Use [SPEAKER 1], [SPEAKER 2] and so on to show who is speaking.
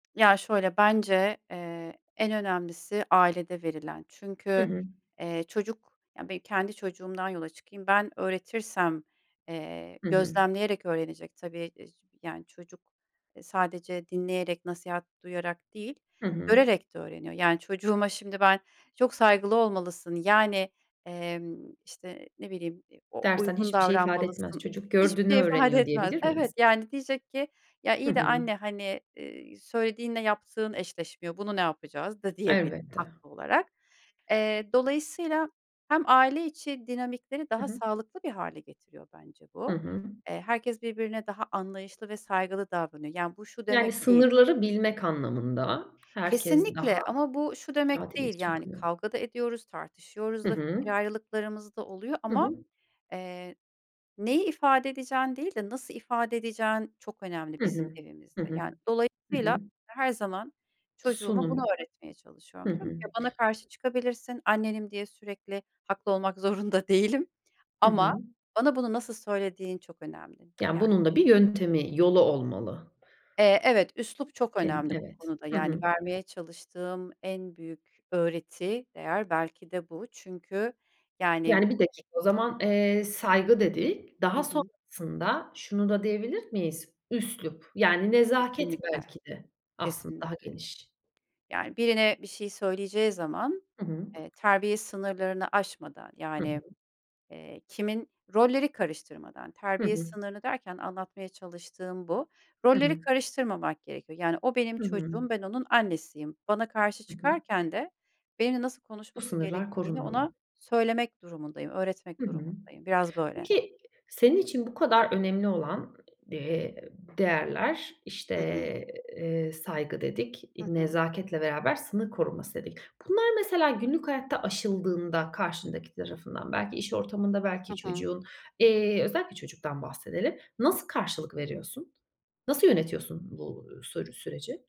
[SPEAKER 1] Ya, şöyle: Bence, eee, en önemlisi ailede verilen.
[SPEAKER 2] Hı
[SPEAKER 1] Çünkü,
[SPEAKER 2] hı.
[SPEAKER 1] eee, çocuk, ya benim kendi çocuğumdan yola çıkayım, ben öğretirsem, eee,
[SPEAKER 2] Hı hı.
[SPEAKER 1] gözlemleyerek öğrenecek, tabii, [unintelligible] yani çocuk, eee, sadece dinleyerek nasihat duyarak değil,
[SPEAKER 2] Hı hı.
[SPEAKER 1] görerek de öğreniyor. Yani çocuğuma şimdi ben çok saygılı olmalısın, yani, emm, işte, ne bileyim e o
[SPEAKER 2] Dersen
[SPEAKER 1] uygun
[SPEAKER 2] hiçbir şey ifade etmez.
[SPEAKER 1] davranmalısın,
[SPEAKER 2] Çocuk gördüğünü
[SPEAKER 1] hiçbir şey ifade
[SPEAKER 2] öğreniyor
[SPEAKER 1] etmez
[SPEAKER 2] diyebilir miyiz?
[SPEAKER 1] Evet, yani diyecek ki "Ya,
[SPEAKER 2] Hı
[SPEAKER 1] iyi de
[SPEAKER 2] hı.
[SPEAKER 1] anne hani, iii, söylediğinle yaptığın eşleşmiyor, bunu ne yapacağız." da diyebilir
[SPEAKER 2] Elbette.
[SPEAKER 1] haklı olarak. Eee, dolayısıyla hem aile içi dinamikleri
[SPEAKER 2] Hı
[SPEAKER 1] daha
[SPEAKER 2] hı.
[SPEAKER 1] sağlıklı bir hâle getiriyor bence
[SPEAKER 2] Hı
[SPEAKER 1] bu.
[SPEAKER 2] hı.
[SPEAKER 1] Eee, herkes birbirine daha anlayışlı ve saygılı davranıyor. Yani bu şu
[SPEAKER 2] Yani
[SPEAKER 1] demek değil.
[SPEAKER 2] sınırları bilmek anlamında herkes daha
[SPEAKER 1] Kesinlikle ama bu şu
[SPEAKER 2] rahat
[SPEAKER 1] demek değil
[SPEAKER 2] iletişim
[SPEAKER 1] yani
[SPEAKER 2] kuruyor.
[SPEAKER 1] kavga da ediyoruz, tartışıyoruz
[SPEAKER 2] Hı
[SPEAKER 1] da
[SPEAKER 2] hı.
[SPEAKER 1] fikir ayrılıklarımız da oluyor
[SPEAKER 2] Hı
[SPEAKER 1] ama,
[SPEAKER 2] hı.
[SPEAKER 1] eee, neyi ifade edeceğin değil de nasıl ifade edeceğin çok önemli
[SPEAKER 2] Hı
[SPEAKER 1] bizim
[SPEAKER 2] hı. Hı
[SPEAKER 1] evimizde.
[SPEAKER 2] hı.
[SPEAKER 1] Yani
[SPEAKER 2] Hı
[SPEAKER 1] dolayısıyla
[SPEAKER 2] hı.
[SPEAKER 1] her zaman çocuğuma bunu
[SPEAKER 2] Sunum.
[SPEAKER 1] öğretmeye
[SPEAKER 2] Hı
[SPEAKER 1] çalışıyorum. Diyorum
[SPEAKER 2] hı.
[SPEAKER 1] ki "Ya, bana karşı çıkabilirsin, annenim diye sürekli haklı olmak zorunda değilim
[SPEAKER 2] Hı
[SPEAKER 1] ama
[SPEAKER 2] hı.
[SPEAKER 1] bana bunu nasıl söylediğin çok önemli."
[SPEAKER 2] Yani
[SPEAKER 1] Ya
[SPEAKER 2] bunun da bir yöntemi, yolu olmalı.
[SPEAKER 1] Eee, evet, üslup
[SPEAKER 2] [unintelligible]
[SPEAKER 1] çok
[SPEAKER 2] Ken
[SPEAKER 1] önemli bu
[SPEAKER 2] Evet.
[SPEAKER 1] konuda
[SPEAKER 2] Hı hı.
[SPEAKER 1] yani vermeye çalıştığım en büyük öğreti değer belki de bu. Çünkü yani
[SPEAKER 2] Yani 1 dakika o zaman, eee, "saygı" dedik.
[SPEAKER 1] Hı
[SPEAKER 2] Daha
[SPEAKER 1] hı.
[SPEAKER 2] sonrasında şunu da diyebilir miyiz? Üslup yani nezaket
[SPEAKER 1] Kesinlikle,
[SPEAKER 2] belki de aslında daha
[SPEAKER 1] kesinlikle.
[SPEAKER 2] geniş.
[SPEAKER 1] Yani birine bir şey söyleyeceği zaman,
[SPEAKER 2] Hı hı.
[SPEAKER 1] eee, terbiye sınırlarını aşmadan
[SPEAKER 2] Hı hı.
[SPEAKER 1] yani, eee, kimin rolleri karıştırmadan,
[SPEAKER 2] Hı
[SPEAKER 1] terbiye
[SPEAKER 2] hı.
[SPEAKER 1] sınırını derken anlatmaya çalıştığım bu,
[SPEAKER 2] Hı
[SPEAKER 1] rolleri
[SPEAKER 2] hı.
[SPEAKER 1] karıştırmamak gerekiyor. Yani o benim
[SPEAKER 2] Hı hı.
[SPEAKER 1] çocuğum, ben onun annesiyim. Bana karşı
[SPEAKER 2] Hı hı.
[SPEAKER 1] çıkarken de benimle nasıl
[SPEAKER 2] Bu
[SPEAKER 1] konuşması
[SPEAKER 2] sınırlar
[SPEAKER 1] gerektiğini ona
[SPEAKER 2] korunmalı.
[SPEAKER 1] söylemek durumundayım, öğretmek
[SPEAKER 2] Hı hı.
[SPEAKER 1] durumundayım. Biraz böyle.
[SPEAKER 2] Peki senin için bu kadar önemli olan, eee, değerler, işte,
[SPEAKER 1] Hı hı.
[SPEAKER 2] eee, "saygı" dedik,
[SPEAKER 1] Hı
[SPEAKER 2] i
[SPEAKER 1] hı.
[SPEAKER 2] "nezaketle beraber sınır koruması" dedik. Bunlar mesela günlük hayatta aşıldığında karşındaki tarafından belki iş ortamında belki
[SPEAKER 1] Hı hı.
[SPEAKER 2] çocuğun, eee, özellikle çocuktan bahsedelim. Nasıl karşılık veriyorsun? Nasıl yönetiyorsun bu, uuu, sü süreci?